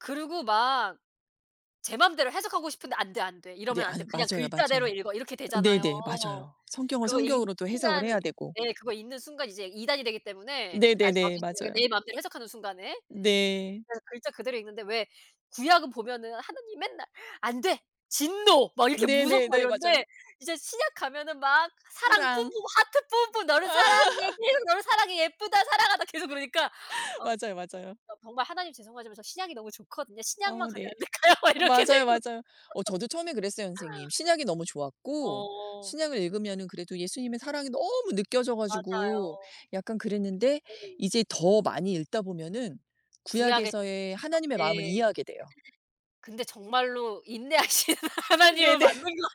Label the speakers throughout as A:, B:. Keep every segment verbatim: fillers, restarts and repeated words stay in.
A: 그리고 막 제 맘대로 해석하고 싶은데 '안 돼, 안 돼.
B: 네
A: 이러면 안 돼.
B: 아유
A: 그냥
B: 맞아요,
A: 글자대로
B: 맞아요.
A: 읽어.' 이렇게 되잖아요.
B: 네네. 맞아요. 성경은
A: 그거 읽는
B: 성경으로 또 해석을
A: 순간
B: 해야 되고.
A: 네 그거 읽는 순간 이제 이단이 되기 때문에 아
B: 네네네.
A: 저기 그러니까
B: 맞아요.
A: 내 맘대로 해석하는 순간에.
B: 네.
A: 그래서 글자 그대로 읽는데 왜 구약은 보면은 하느님이 맨날 "안 돼 진노." 막 이렇게 무섭고 막
B: 네네네. 맞아요.
A: 이런데 이제 신약 가면은 막 사랑 뿜뿜
B: 사랑.
A: 하트 뿜뿜 "너를 사랑해. 계속 너를 사랑해. 예쁘다 사랑한다." 계속 그러니까 어
B: 맞아요, 맞아요.
A: 어 정말 '하나님 죄송하지만 저 신약이 너무 좋거든요. 신약만
B: 어
A: 가면
B: 네.
A: 안 될까요?' 막
B: 어
A: 이렇게 되죠.
B: 맞아요, 맞아요. 어 저도 처음에 그랬어요 선생님. 신약이 너무 좋았고
A: 어.
B: 신약을 읽으면은 그래도 예수님의 사랑이 너무 느껴져 가지고
A: 맞아요.
B: 약간 그랬는데
A: 네.
B: 이제 더 많이 읽다 보면은
A: 구약에서
B: 구약에서의
A: 느껴지죠.
B: 하나님의 마음을
A: 예. 느껴져요.
B: 이해하게 돼요.
A: 근데 정말로 인내하시는 하나님은
B: 네네.
A: 맞는 것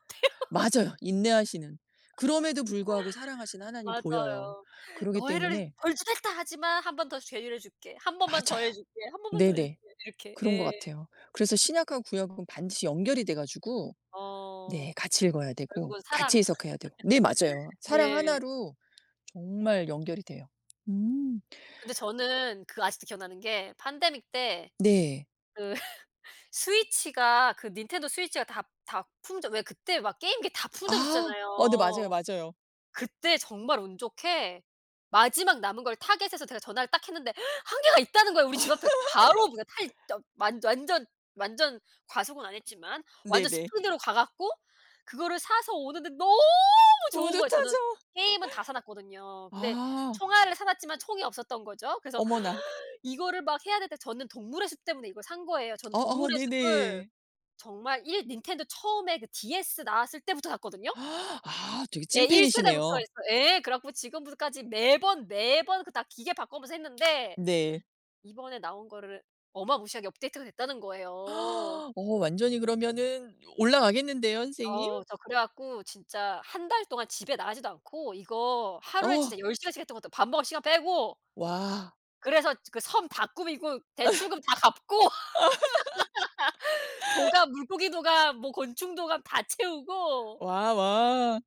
A: 같아요.
B: 맞아요. 인내하시는. 그럼에도 불구하고 사랑하시는 하나님이 보여요.
A: 맞아요.
B: 그러기
A: "너희를
B: 때문에
A: 벌주겠다. 하지만 한 번 더 재유 를 줄게. 한 번만 더
B: 맞아요.
A: 해줄게, 한 번만 더 해줄게."
B: 네네.
A: 이렇게.
B: 그런 것
A: 예.
B: 같아요. 그래서 신약하고 구약하곤 반드시 연결이 돼 가지고
A: 어.
B: 네 같이 읽어야 되고
A: 결국은
B: 같이
A: 사랑.
B: 해석해야 되고 네 맞아요. 사랑
A: 네.
B: 하나 로 정말 연결이 돼요. 음.
A: 근데 저는 그 아직도 기억나는 게 판데믹 때
B: 네.
A: 그 스위치가 그 닌텐도 스위치가 다 다 품절 왜 그때 막 게임기 다
B: 아. 어 네 맞아요,
A: 품절됐었잖아요.
B: 맞아요.
A: 그때 정말 운 좋게 마지막 남은 걸 타겟에서 제가 전화를 딱 했는데 한 개가 있다는 거예요 우리 집 앞에. 바로 그냥 탈 더 완 완전 완전 과속은 안 했지만 완전
B: 네네.
A: 스피드로 가 갖고 그거를 사서 오는데 너무 좋은 거예요. 저는
B: 뿌듯하죠.
A: 게임은 다 사 놓았거든요. 근데
B: 아.
A: 총알을 사 놓았지만 총이 없었던 거죠. 그래서
B: 어머나.
A: 이거를 막 해야 되는데 저는 동물의 숲 때문에 이걸 산 거예요. 저는
B: 어어
A: 동물의 숲을
B: 네네.
A: 정말 일 닌텐도 처음에 그 DS 나왔을 때부터 샀거든요.
B: 아 되게
A: 제 일 세대부터
B: 찐팬이시네요.
A: 했어 예 그래 갖고 지금부 까지 매번, 매번 그 다 기계 바꿔 오면서 했는데
B: 네.
A: 이번에 나온 거를 어마무시하게 업데이트가 됐다는 거예요.
B: 어 완전히 그러면은 오 올라가겠는데요 선생님?
A: 어 저 그래 갖고 진짜 한 달 동안 집에 나가지도 않고 이거 하루에
B: 어.
A: 진짜 열 시간씩 했던 것 같아요 밥 먹을 시간 빼고.
B: 와.
A: 그래서 그 섬 다 꾸미고 대출금 다 갚고 도감 물고기 도감 뭐 곤충 도감 다 채우고
B: 와와.